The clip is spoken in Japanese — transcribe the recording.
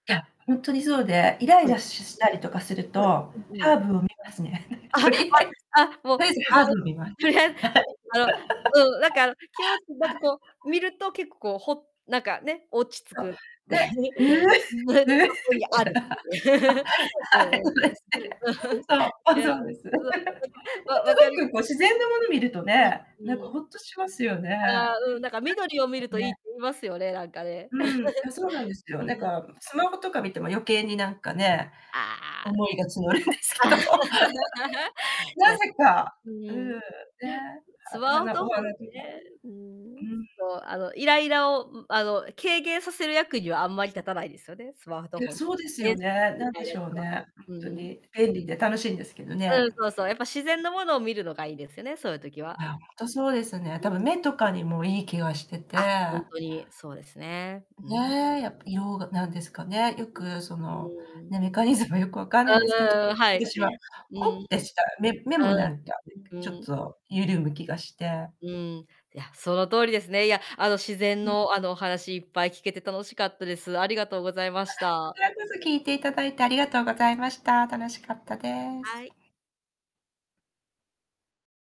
いや、ほんとにそうで、イライはラい。ししたりとかするはい、と、うんうハん。ーブを見ますね。とりあ えあ、あ、ずもうといずハー ブ見ます。はとい。りあえぶあの、うん、なんか、あの、気持ち、なん かはい。こう、見ると結構こう、ほなんか、ね、落ち着そう、く、で そこにある。うんはい。うんうん。そうですね。ね。うん、そう、も、そうです。ほんと、うん。なんか、ま、分かる気なんか、こう、が自然なもの見るとうね、なんん、うかん。ホッとしますよね。ぐああ、うん、なんか緑を見んるとといいっね。て言いますよね、なんかね。うん、あ、そうなんで すよ。うんうなんん。か、むスマホとか見ても余計になんかね、ああ。思いが募るんですけど。な いやぜか、うううん、ね、ん。スはワオ花トおホン花とか。ね。ううん。んうんうん。そう。あの、イライラを、ん、あの、軽減させる役にはあんまり立たないですよね。スマートいや、ホン。そうです電よ子機器ね。み何たでいなしやょうつは。ね、うんほんとうん。に。便利で楽しいんですけどうね。ん、そうそう。やっぱ自然のものを見るのがいいですよね、そういう時は。あ、ほんとそうですね、う多分ん。目とかにもいい気がしててあ、ほんとにそうですね。うん。ね、やっぱようがなんですかね、よくそうんの、うん。うね、ん。メカニズムよく分かんないですけど、うーん、はい。私いや、はうんうホん。ッてした、目目もああ。なんかうちょっん。と緩む気がして。うん、いや、その通りですね、いや、あの、自然うん。の、あの、お話いっぱい聞けて楽しかったです。ありがとうございまあ、しこちた。らこそ聞いていただいてありがとうございました。楽しかったです。はい。